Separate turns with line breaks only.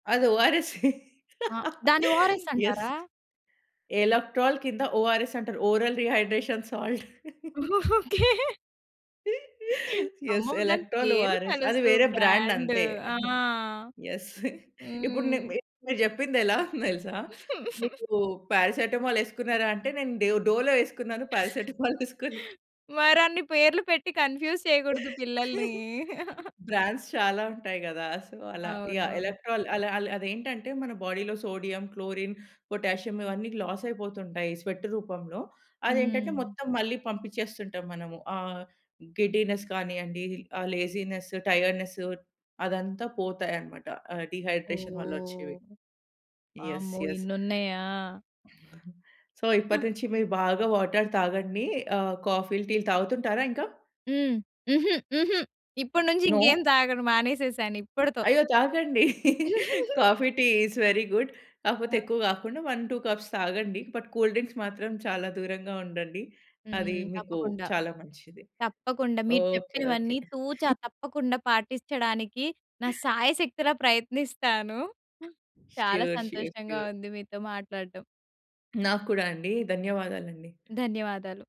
అది ఓఆర్‌ఎస్సే.
ఆ! దాన్ని ఓఆర్ఎస్
యెస్.
అంటారా?
ఎలక్ట్రాల్ కింద ఓఆర్‌ఎస్ అంటరు. Oral rehydration salt.
Okay.
Yes.
అమ్మో! దాని
ఎలక్ట్రోల్
పేరు
ఓఆర్ఎస్. అది
తెలుసు.
వేరే బ్రాండ్
బ్రాండ్
అంతే.
ఆ!
యెస్. ఇప్పుడు ని
హ్మ్.
మి మీరు చెప్పిందెలావుంది తెలుసా? మీకు పారాసిటమాల్ యేసుకున్నారా అంటే నేను డె డోలో యేసుకున్నాను పారాసిటమాల్ యేసుకొను.
మరన్ని పేర్లు పెట్టి కన్ఫ్యూజ్ చేయకూడదు పిల్లల్ని.
బ్రాండ్స్ చాలా ఉంటాయి గదా! సో, అలా యాహ్.
అవును.
ఎలక్ట్రాల్ అల అల అదేంటంటే మన బాడీలో సోడియం, క్లోరిన్, పొటాషియం ఇవన్నీ లాసయిపోతుంటాయి స్వెట్ రూపంలో. అదేంటంటే
హ్మ్.
మొత్తం మళ్ళీ పంపించేస్తుంటాం మనము. ఆహ్, గిడ్డీనెస్ కానియండి ఆ లేజీనెస్ టైర్డ్‌నెస్సు అదంతా పోతాయన్నమాట ఆహ్, డీహైడ్రేషన్ వల్లొచ్చేవి.
ఓహ్!
యెస్.
అమ్మో!
యెస్.
ఇన్నున్నాయా?
సో
హ్మ్.
ఇప్పటి నుంచి మీరు బాగా వాటర్ తాగండి. ఆహ్, కాఫీలు, టీలు తాగుతుంటారా ఇంకా?
హ్మ్. హుహు. హుహు. ఇప్పటి నుంచి ఇంకేం
నో!
తాగను. మానేసేసానిప్పటితో.
అయ్యో! తాగండి. Coffee, tea is very good. కాకపోతే
ఆ!
ఎక్కువ కాకుండా 1, 2 కప్స్ తాగండి. బట్ కూల్ డ్రింక్స్ మాత్రం చాలా దూరంగా ఉండండి. అది
హ్మ్.
మీకు
తప్పకుండా.
చాలా మంచిది.
తప్పకుండా. మీరు
ఓకే. ఓకే.
చెప్పినవన్నీ తూచా తప్పకుండా పాటించడానికి నా సాయశక్తులా ప్రయత్నిస్తాను. చాలా
ష్యూర్. ష్యూర్.
సంతోషంగా
ష్యూర్.
ఉంది మీతో మాట్లాడటం.
నాకు కూడా అండి. ధన్యవాదాలండి.
ధన్యవాదాలు.